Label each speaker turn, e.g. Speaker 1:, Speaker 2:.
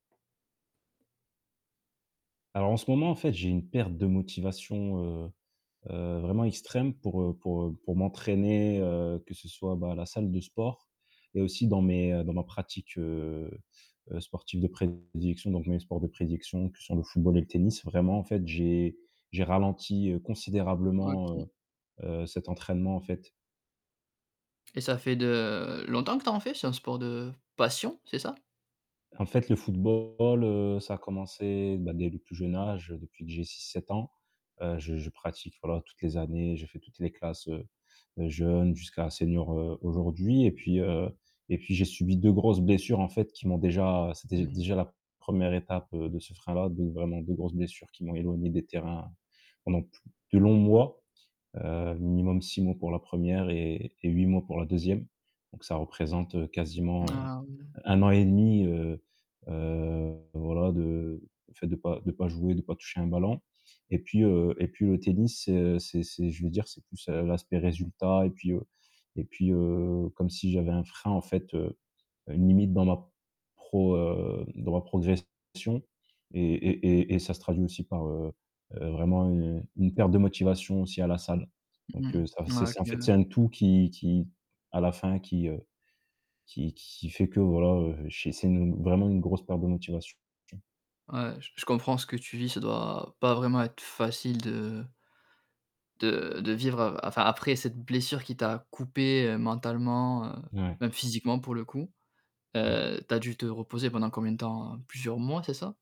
Speaker 1: Alors, en ce moment, en fait, j'ai une perte de motivation, heu heu, vraiment extrême pour, heu pour, heu, pour m'entraîner, heu, que ce soit, bah, à la salle de sport et aussi dans mes, heu, dans ma pratique, heu heu, sportive de prédilection, donc mes sports de prédilection que sont le football et le tennis, vraiment, en fait, j'ai j'ai ralenti, heu, considérablement, heu
Speaker 2: OK.
Speaker 1: heu, cet entraînement, en fait.
Speaker 2: Et ça fait de longtemps que tu as en fait, c'est un sport de passion, c'est ça?
Speaker 1: En fait, le football, heu, ça a commencé, bah, dès le plus jeune âge depuis que j'ai 6-7 ans, heu, je je pratique, voilà, toutes les années, j'ai fait toutes les classes, heu heu, jeunes jusqu'à senior, heu, aujourd'hui et puis, heu et puis j'ai subi 2 grosses blessures, en fait, qui m'ont déjà
Speaker 2: Mmh
Speaker 1: c'était,
Speaker 2: mh.
Speaker 1: déjà, la 1re étape de ce frein-là donc, vraiment, 2 grosses blessures qui m'ont éloigné des terrains pendant plu de longs mois, heu, minimum 6 mois pour la 1re et et 8 mois pour la 2e, donc ça représente quasiment, heu,
Speaker 2: Ah oui.
Speaker 1: 1 an 1/2, heu heu, voilà, de en fait, de pas de pas jouer, de pas toucher un ballon et puis, heu et puis le tennis, c'est, heu, c'est c'est je vais dire, c'est plus, heu, l'aspect résultat et puis, heu et puis, heu, comme si j'avais un frein, en fait, heu, une limite dans ma pro heu, dans ma progression et et et et ça se traduit aussi par, heu, vraiment, heu, une perte de motivation aussi à la salle,
Speaker 2: Mmh
Speaker 1: donc heu, ça,
Speaker 2: mh.
Speaker 1: c'est
Speaker 2: Mouais, OK,
Speaker 1: c'est, en fait, c'est
Speaker 2: ouais.
Speaker 1: un tout qui qui à la fin qui, heu, qui qui fait que, voilà, heu, j'ai c'est une, vraiment, une grosse perte de motivation.
Speaker 2: Ouais, j je comprends ce que tu vis, ça doit pas vraiment être facile de de de vivre a enfin, après cette blessure qui t'a coupé, heu, mentalement, heu,
Speaker 1: Ouais.
Speaker 2: même physiquement pour le coup,
Speaker 1: Ouais.
Speaker 2: heu, tu as dû te reposer pendant combien de temps? Plusieurs mois, c'est ça?